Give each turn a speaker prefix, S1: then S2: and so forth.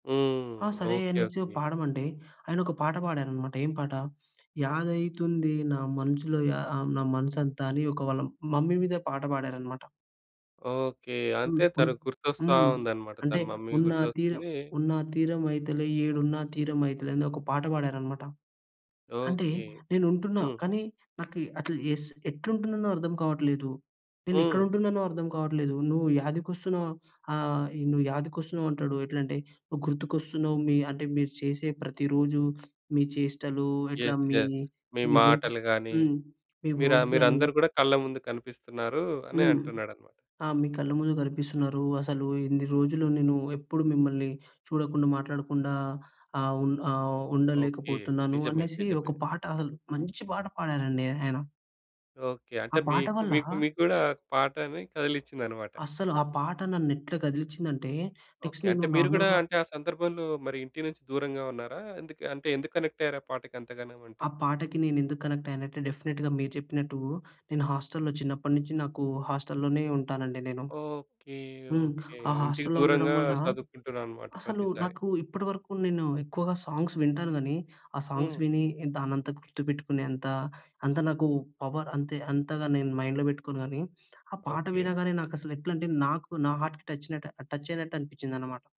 S1: ఆ
S2: హ్మ్.
S1: సరే
S2: ఓకే.
S1: అనేసి
S2: ఓకే.
S1: పాడమంటే, ఆయన ఒక పాట పాడారన్నమాట. ఏం పాట "యాదైతుంది నా మనసులో యా ఆ నా మనసంతా" అని వాళ్ళ మమ్మీ మీద పాట పాడారన్నమాట.
S2: ఓకే. అంతే
S1: హుహు.
S2: తనుకు గుర్తొస్తా
S1: హ్మ్.
S2: ఉందనమాట, తన
S1: అంటే
S2: మమ్మీ
S1: "ఉన్న తీరం
S2: గుర్తొస్తుంది
S1: ఉన్న తీరమైతలే ఏడున్నా తీరమైతలే" అని ఒక పాట పాడారన్నమాట. అంటే
S2: ఓకే.
S1: "నేను ఉంటున్నా
S2: హ్మ్.
S1: కానీ నాకు అట్లు ఎస్ ఎట్లుంటున్ననో అర్థం కావట్లేదు. నేను ఎక్కడ
S2: హ్మ్.
S1: ఉంటున్నానో అర్థం కావట్లేదు. నువ్వు యాధికొస్తున్నావు ఆహ్, నువ్వు యాదికొస్తున్నావు అంటాడు. ఎట్లంటే నువ్వు గుర్తుకొస్తున్నావు. మి అంటే మీరు చేసే ప్రతి రోజు మీ చేష్టలు ఎట్లా
S2: ఎస్
S1: మీ
S2: ఎస్. "మీ
S1: వర్క్‌స్
S2: మాటలు గాని,
S1: హ్మ్. మీ
S2: మీ‌ర
S1: వర్క్ గాని"
S2: మీరందరూ కూడా కళ్ళ ముందు కనిపిస్తున్నారు." అని
S1: హ్మ్.
S2: అంటున్నాడన్నమాట.
S1: ఆ "మీ కళ్ళ ముందు కనిపిస్తున్నారు. అసలు ఇన్ని రోజులు నేను ఎప్పుడు మిమ్మల్ని చూడకుండా మాట్లాడకుండా ఆహ్, ఉం ఆహ్,
S2: ఓకే.
S1: ఉండలేకపోతున్నాను."
S2: నిజమే
S1: అనేసి
S2: నిజమే.
S1: ఒక పాట అసలు మంచి పాట పాడారండి ఆయన.
S2: ఓకే.
S1: ఆ
S2: అంటే
S1: పాట
S2: మీకు,
S1: వల్ల
S2: మీకు మీగ్గూడా పాటని కదిలించిందన్నమాట.
S1: అసలు ఆ పాట నన్ను ఎట్ల కదిలిచ్చిందంటే
S2: ఓకే.
S1: నెక్స్ట్
S2: అంటే
S1: నేను
S2: మీరు కూడా
S1: నార్మల్‌గా
S2: అంటే ఆ సందర్భంలో మరి ఇంటి నుంచి దూరంగా ఉన్నారా? ఎందుకు అంటే ఎందుకు కనెక్టయ్యారు? ఆ పాటకి అంతగానమంటె.
S1: ఆ! పాటకి నేనెందుకు కనెక్ట్ అయ్యానంటే, డెఫినెట్‌గా మీరు చెప్పినట్టు నేను హాస్టల్‌లో చిన్నప్పటినుంచి నాకు హాస్టల్ లోనే ఉంటానండి నేను.
S2: ఓకే.
S1: హ్మ్.
S2: ఓకే.
S1: ఆ
S2: ఇంటికి
S1: హాస్టల్‌లో ఉండడం
S2: దూరంగా
S1: వల్ల
S2: చదువుకుంటున్నారనమాట
S1: అసలు
S2: ప్రతిసారి.
S1: నాకు ఇప్పటి వరకు నేను ఎక్కువగా సాంగ్స్ వింటాను గానీ ఆ సాంగ్స్
S2: హ్మ్.
S1: విని దానంతా గుర్తుపెట్టుకునేంత అంత నాకు పవర్ అంతే అంతగా నేను మైండ్‌లో పెట్టుకోను గానీ, ఆ పాట
S2: ఓకే.
S1: వినగానే నాకసలు ఎట్లంటే నాకు నా హార్ట్‌కి టచ్‌‌నట్టు టచ్చయినట్టు అనిపిచ్చిందన్నమాట.